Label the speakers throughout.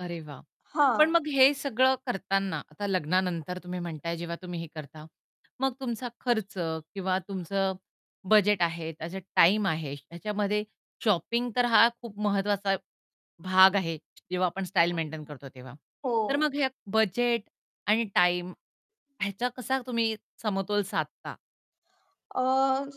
Speaker 1: अरे वाह! पण
Speaker 2: हां.
Speaker 1: मग हे सगळं करताना, आता लग्नानंतर तुम्ही म्हणताय जेव्हा तुम्ही हे करता, मग तुमचा खर्च किंवा तुमचं बजेट आहे त्याचा टाईम आहे. ह्याच्यामध्ये शॉपिंग तर हा खूप महत्वाचा भाग आहे, जेव्हा आपण स्टाईल मेंटेन करतो तेव्हा. तर
Speaker 2: हो.
Speaker 1: मग हे बजेट आणि टाईम ह्याचा कसा तुम्ही समतोल साधता?
Speaker 2: अ,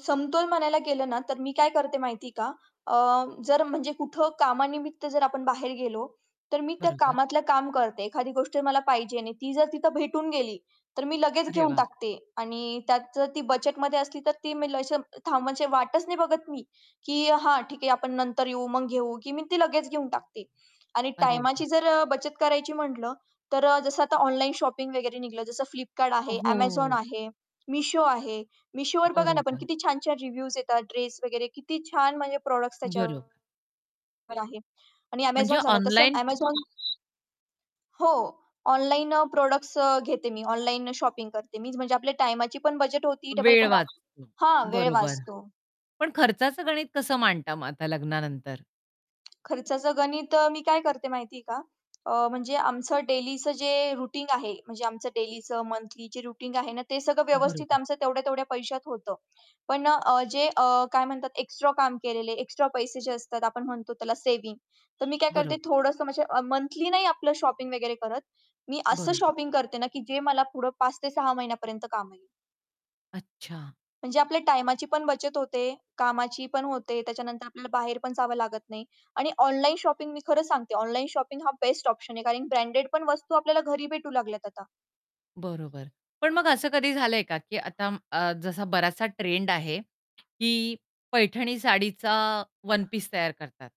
Speaker 2: समतोल म्हणायला गेलं ना तर मी काय करते माहिती आहे का? अ, जर म्हणजे कुठं कामानिमित्त जर आपण बाहेर गेलो, तर मी त्या
Speaker 1: बरोबर.
Speaker 2: कामातलं काम करते. एखादी गोष्ट मला पाहिजे आणि ती जर तिथं भेटून गेली, तर मी लगेच
Speaker 1: अरे
Speaker 2: घेऊन
Speaker 1: वाह!
Speaker 2: टाकते आणि त्यात जर ती बजेटमध्ये असली तर ती मी लशे अं, थांब म्हणजे वाटच नाही बघत मी की हां ठीक आहे आपण नंतर येऊ, मग घेऊ की मी ती लगेच घेऊन टाकते. आणि
Speaker 1: अरे
Speaker 2: टाईमाची
Speaker 1: वाह!
Speaker 2: जर अ, बचत करायची म्हटलं, तर अ, जसं आता ऑनलाईन शॉपिंग वगैरे निघलं जसं Flipkart आहे, Amazon
Speaker 1: हो.
Speaker 2: आहे, Meesho आहे, Meeshoवर बघा ना पण
Speaker 1: बरोबर.
Speaker 2: किती छान-छान रिव्ह्यूज येतात ड्रेस वगैरे किती छान म्हणजे प्रॉडक्ट्स
Speaker 1: बरोबर.
Speaker 2: त्याच्यावर आहे. आणि
Speaker 1: म्हणजे
Speaker 2: Amazon झालं. तसं
Speaker 1: ऑनलाईन
Speaker 2: Amazon हो, ऑनलाईन अ, प्रॉडक्ट्स अ, घेते, मी ऑनलाईननं शॉपिंग करते मीच म्हणजे आपल्या टाईमाची पण बचत होती डबल
Speaker 1: वेळ
Speaker 2: घरा
Speaker 1: वाचतो,
Speaker 2: हां, वेळ
Speaker 1: बरोबर.
Speaker 2: वाचतो.
Speaker 1: पण खर्चाचं गणित कसं मांडता मग आता लग्नानंतर?
Speaker 2: खर्चाचं गणित अ, मी काय करते माहिती आहे का? अ, म्हणजे आमचं डेलीचं जे रुटीन आहे, म्हणजे आमचं डेलीचं मंथली जे रुटीन आहे ना, ते सगळं व्यवस्थित
Speaker 1: बरोबर.
Speaker 2: आमचं तेवढ्या-तेवढ्या पैशात होतं. पण अ, अ, जे अ, काय म्हणतात एक्स्ट्रा काम केलेले, एक्स्ट्रा पैसे जे असतात आपण म्हणतो त्याला सेव्हिंग, तर मी काय करते
Speaker 1: बरोबर.
Speaker 2: थोडंसं म्हणजे अ, मंथली नाही आपलं शॉपिंग वगैरे करत. मी असं
Speaker 1: बरोबर.
Speaker 2: शॉपिंग करते ना की जे मला पुढे 5 ते 6 महिन्यापर्यंत काम येईल.
Speaker 1: अच्छा.
Speaker 2: म्हणजे आपल्या टाईमाची पण बचत होते, कामाची पण होते, त्याच्यानंतर आपल्याला बाहेर पण जावं लागत नाही. आणि ऑनलाईन शॉपिंग मी खरं सांगते ऑनलाईन शॉपिंग हा बेस्ट ऑप्शन आहे, कारण ब्रँडेड पण वस्तू आपल्याला घरी भेटू लागल्यात आता.
Speaker 1: बरोबर. पण मग असं कधी झालंय का की आता अं, आ, जसा बराचसा ट्रेंड आहे, की पैठणी साडीचा वन पीस तयार करतात.